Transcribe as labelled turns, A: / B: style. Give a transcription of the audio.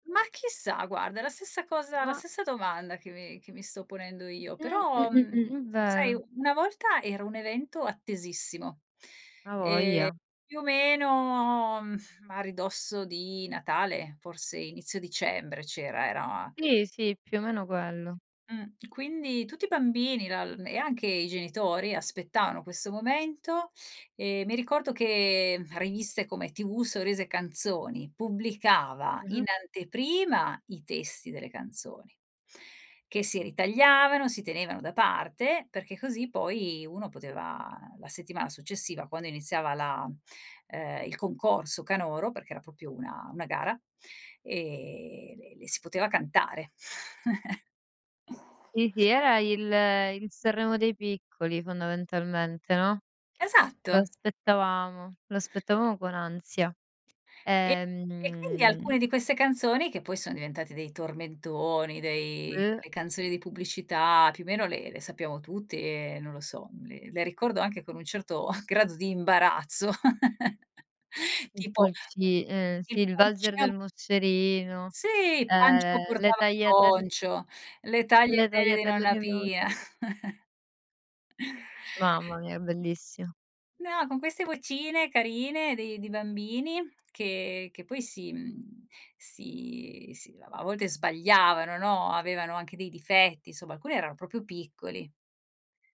A: Ma chissà guarda, è la stessa cosa la
B: Ma
A: stessa domanda che mi che mi sto ponendo io,
B: Mh,
A: però, mhmm,
B: mh-mh-mh, è
A: sai
B: vero.
A: una volta era un evento attesissimo, ehm,
B: A' voglia
A: più o meno a ridosso di Natale, forse inizio dicembre c'era era
B: Sì, sì, più o meno quello.
A: Mh, quindi tutti i bambini lal e anche i genitori aspettavano questo momento, ehm, mi ricordo che riviste come TV, sorrisi e canzoni pubblicava in
B: Mh-mh.
A: anteprima i testi delle canzoni che si ritagliavano, si tenevano da parte, perché così poi uno poteva la settimana successiva quando iniziava la ehm, il concorso canoro, perché era proprio una una gara, ehm, le le si poteva cantare.
B: Sì, sì, era il il Sanremo dei piccoli fondamentalmente, no. Lo
A: Esatto.
B: aspettavamo, lo aspettavamo con ansia.
A: E e quindi
B: Ehm
A: alcune di queste canzoni che poi son diventate dei tormentoni, dei
B: Uh.
A: le canzoni di pubblicità, più o meno le le sappiamo tutti e, non lo so, le le ricordo anche con un certo grado di imbarazzo;
B: I
A: tipo
B: pulci ehm,
A: il
B: sì, il valzer
A: pulcino
B: del moscerino,
A: Sì,
B: ehm,
A: Pancio
B: le
A: portava il
B: tagliatel
A: poncio, le
B: le
A: tagliatelle di
B: tagliatelle
A: nonna
B: di
A: Pia.
B: nonna Pi Mamma mia, bellissima.
A: No, con queste vocine carine di di bambini che che poi si mhmm, si si a volte sbagliavano, no, avevano anche dei difetti, insomma alcuni erano proprio piccoli.